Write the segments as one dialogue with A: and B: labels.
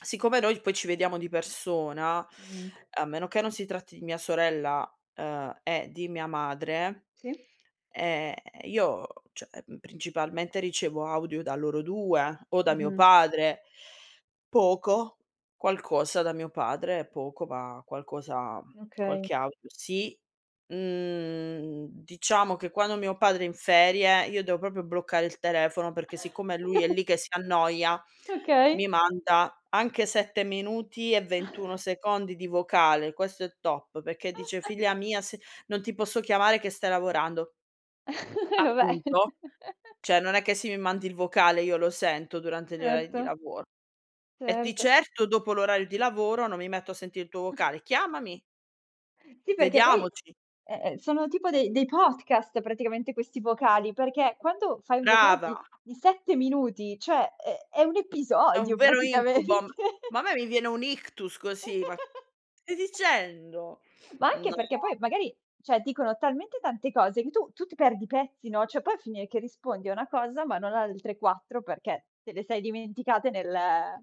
A: Siccome noi poi ci vediamo di persona,
B: Mh-mh.
A: a meno che non si tratti di mia sorella, ehm, e di mia madre,
B: Sì.
A: ehm, io, cioè, principalmente ricevo audio da loro 2 o da mio
B: Mh-mh.
A: padre, poco, qualcosa da mio padre, poco, ma qualcosa
B: Okay.
A: qualche audio sì. Mhmm, diciamo che quando mio padre è in ferie io devo proprio bloccare il telefono, perché siccome lui è lì che si annoia, mi
B: Okay.
A: manda anche 7 minuti e 21 secondi di vocale. Questo è top, perché dice: "Figlia mia se non ti posso chiamare che stai lavorando".
B: Eh vabbè.
A: Appunto, cioè non è che se mi mandi il vocale io lo sento durante gli orari di
B: Certo.
A: lavoro, e di
B: Certo.
A: certo dopo l'orario di lavoro non mi metto a sentire il tuo vocale, chiamami.
B: Sì, perché poi,
A: Vediamoci.
B: eh ehm, sono tipo de dei podcast praticamente questi vocali, perché quando fai un vocale
A: Brava.
B: di di 7 minuti, cioè è è un
A: È un
B: episodio
A: vero
B: praticamente.
A: incubo, ma a me mi viene un ictus così, ma stai dicendo?
B: Ma anche
A: No.
B: perché poi magari, cioè, dicono talmente tante cose che tu tu ti perdi i pezzi, no, cioè poi a finire che rispondi a una cosa ma non a altre 4 perché te le sei dimenticate nel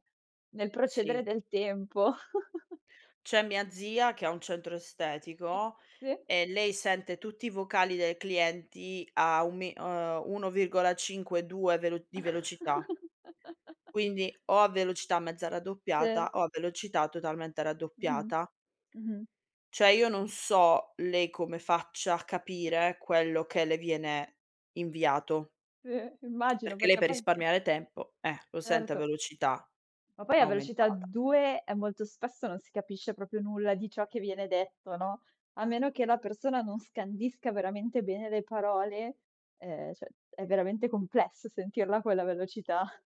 B: nel
A: Sì.
B: procedere del tempo.
A: C'è mia zia che ha un centro estetico
B: Sì.
A: e lei sente tutti i vocali dei clienti a un mi uhm, 1,5 2 velo di velocità. Quindi o a velocità mezza
B: Sì.
A: raddoppiata o a velocità totalmente
B: Mh-mh,
A: raddoppiata.
B: mh-mh.
A: Cioè io non so lei come faccia a capire quello che le viene inviato.
B: Sì, immagino
A: Perché lei
B: perché
A: per
B: poi
A: risparmiare tempo, eh, lo sente a
B: Certo.
A: velocità
B: Ma poi a velocità
A: aumentata.
B: 2 e molto spesso non si capisce proprio nulla di ciò che viene detto, no, a meno che la persona non scandisca veramente bene le parole, ehm, cioè è veramente complesso sentirla a quella velocità.